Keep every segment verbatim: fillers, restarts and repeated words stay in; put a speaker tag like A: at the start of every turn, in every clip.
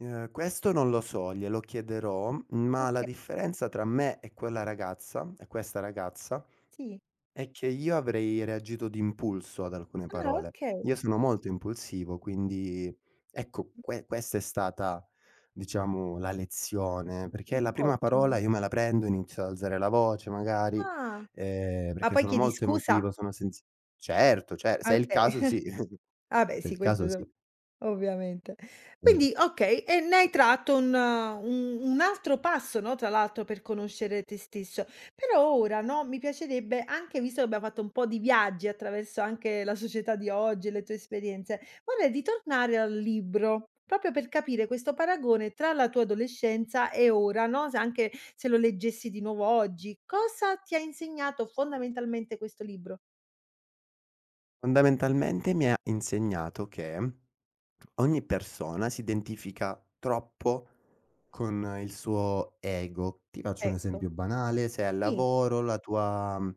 A: Ehm, questo non lo so, glielo chiederò, ma la
B: Oka.
A: differenza tra me e quella ragazza e questa ragazza,
B: Sì.
A: è che io avrei reagito d'impulso ad alcune
B: Ah, okay.
A: parole.
B: kay.
A: Io sono molto impulsivo, quindi ecco, que questa è stata diciamo, la lezione, perché
B: Mh,
A: la prima
B: ottimo.
A: parola, io me la prendo, inizio ad alzare la voce magari,
B: Ah.
A: ehm,
B: Ma
A: perché io
B: poi
A: sono
B: chiedi
A: molto
B: scusa?
A: emotivo, sono sensi certo cer
B: Ah,
A: se è il
B: okay.
A: caso sì,
B: Ah beh,
A: se è
B: sì.
A: il
B: Questo
A: caso
B: no
A: sì.
B: ovviamente.
A: [unintelligible]
B: Quindi, okay, e ne hai tratto un un un altro passo, no, tra l'altro per conoscere te stesso. Però ora, no, mi piacerebbe anche visto che abbiamo fatto un po' di viaggi attraverso anche la società di oggi e le tue esperienze, vorrei ritornare al libro, popio per capire questo paragone tra la tua adolescenza e ora, no, se anche se lo leggessi di nuovo oggi. Cosa ti ha insegnato fondamentalmente questo libro?
A: Fondamentalmente, mi ha insegnato che, ogni persona si identifica troppo con il suo ego. Ti faccio un
B: Ecco.
A: esempio banale: sei al
B: I.
A: lavoro, la tua, mhmm,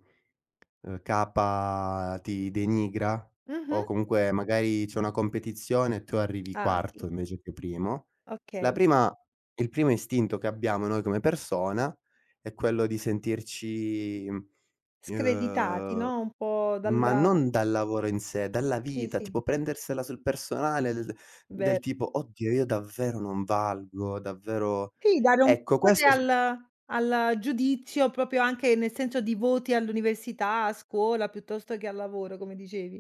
A: ehm, capa ti denigra, o
B: Mh-mh.
A: comunque, magari c'è una competizione e tu arrivi
B: Ah, sì.
A: quarto invece che primo. La
B: Okay.
A: prima il primo istinto che abbiamo noi come persona, è quello di sentirci, mhmm,
B: Screditati,
A: ehm
B: no, un po'
A: ma
B: dalla
A: non dal lavoro in sé, dalla
B: Sì,
A: vita
B: sì.
A: tipo prendersela sul personale l d del
B: Ver
A: tipo: "Oddio io davvero non valgo, davvero"
B: Sì, da non
A: Ecco,
B: porre
A: questo s
B: al al giudizio, propio anche nel senso di voti all'università, a scuola piuttosto che al lavoro come dicevi.